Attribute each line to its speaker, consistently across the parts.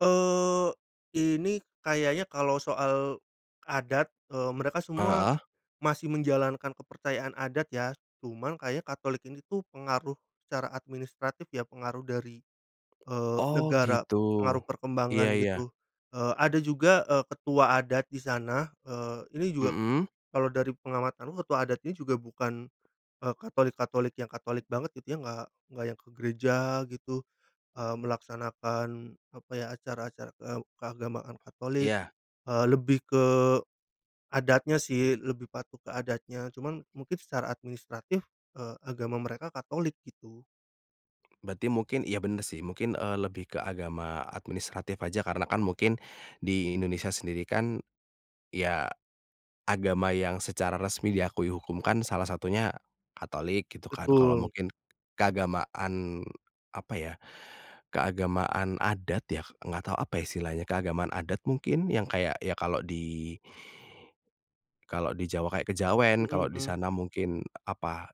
Speaker 1: Eee, ini kayaknya kalau soal, adat, eee, mereka semua,
Speaker 2: Heeh.
Speaker 1: masih menjalankan kepercayaan adat ya cuman kayaknya Katolik ini tuh pengaruh, secara administratif ya pengaruh dari, eee,
Speaker 2: Oh
Speaker 1: negara
Speaker 2: gitu,
Speaker 1: pengaruh
Speaker 2: iya
Speaker 1: perkembangan
Speaker 2: iya.
Speaker 1: gitu, eee, ada juga, eee, ketua adat di sana, eee, ini juga,
Speaker 2: Mhm.
Speaker 1: kalau dari pengamatanku ketua adat ini juga bukan, eee, Katolik-Katolik yang Katolik banget gitu yang nggak nggak yang ke gereja gitu, eee, melaksanakan, apa ya acara-acara, eee, keagamaan Katolik,
Speaker 2: Iya.
Speaker 1: eee, lebih ke, adatnya sih lebih patuh ke adatnya cuman mungkin secara administratif, eee, agama mereka Katolik gitu.
Speaker 2: Berarti mungkin iya bener sih mungkin, eee, lebih ke agama administratif aja karena kan mungkin, di Indonesia sendiri kan, ya, agama yang secara resmi diakui hukum kan salah satunya, Katolik gitu kan kalau
Speaker 1: Betul.
Speaker 2: mungkin, keagamaan apa ya keagamaan adat ya nggak tahu apa ya istilahnya? Keagamaan adat mungkin yang kayak ya kalau di kalau di Jawa kayak kejawen
Speaker 1: Mhm
Speaker 2: kalau di
Speaker 1: mhm.
Speaker 2: sana mungkin apa?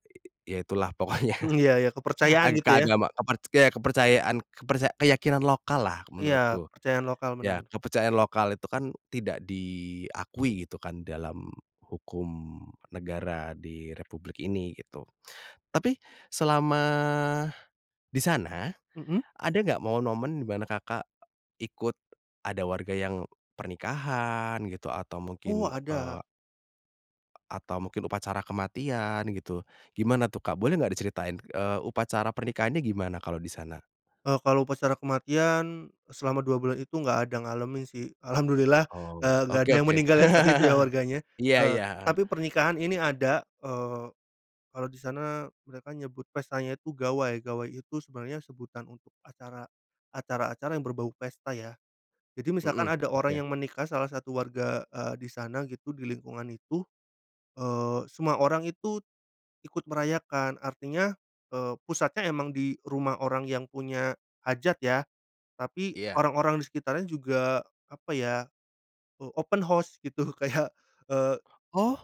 Speaker 2: Ya itulah pokoknya,
Speaker 1: Iya iya kepercayaan
Speaker 2: aga
Speaker 1: gitu ya?
Speaker 2: keagama keperc ya kepercayaan keperca keyakinan lokallah
Speaker 1: Iya
Speaker 2: menurutku,
Speaker 1: kepercayaan lokal
Speaker 2: ya
Speaker 1: bener.
Speaker 2: kepercayaan lokal itu kan tidak diakui gitu kan dalam hukum negara di Republik ini gitu, tapi selama, di sana,
Speaker 1: Mhm.
Speaker 2: ada nggak momen-momen di mana Kakak, ikut, ada warga yang pernikahan gitu atau
Speaker 1: Oh
Speaker 2: mungkin,
Speaker 1: ada.
Speaker 2: eee. Atau mungkin upacara kematian gitu? Gimana tuh Kak? Boleh nggak diceritain, eee, upacara pernikahannya gimana kalau di sana?
Speaker 1: Eee, kalau upacara kematian, selama 2 bulan itu nggak ada ngalamin sih alhamdulillah,
Speaker 2: Oh
Speaker 1: eee, nggak
Speaker 2: oke
Speaker 1: ada yang
Speaker 2: oke.
Speaker 1: meninggal ya saat itu ya warganya,
Speaker 2: Iya
Speaker 1: eee,
Speaker 2: iya, heeh.
Speaker 1: tapi pernikahan ini ada, eee, kalau di sana mereka nyebut pestanya itu gawai gawai itu sebenarnya sebutan untuk acara, acara-acara yang berbau pesta ya, jadi misalkan
Speaker 2: Mhm,
Speaker 1: ada orang
Speaker 2: oke.
Speaker 1: yang menikah salah satu warga, eee, di sana gitu di lingkungan itu, eee, semua orang itu, ikut merayakan artinya, eee, pusatnya emang di rumah orang yang punya hajat ya, tapi
Speaker 2: Iya.
Speaker 1: orang-orang di sekitarnya juga apa ya, o open house gitu kayak, eee.
Speaker 2: Oh.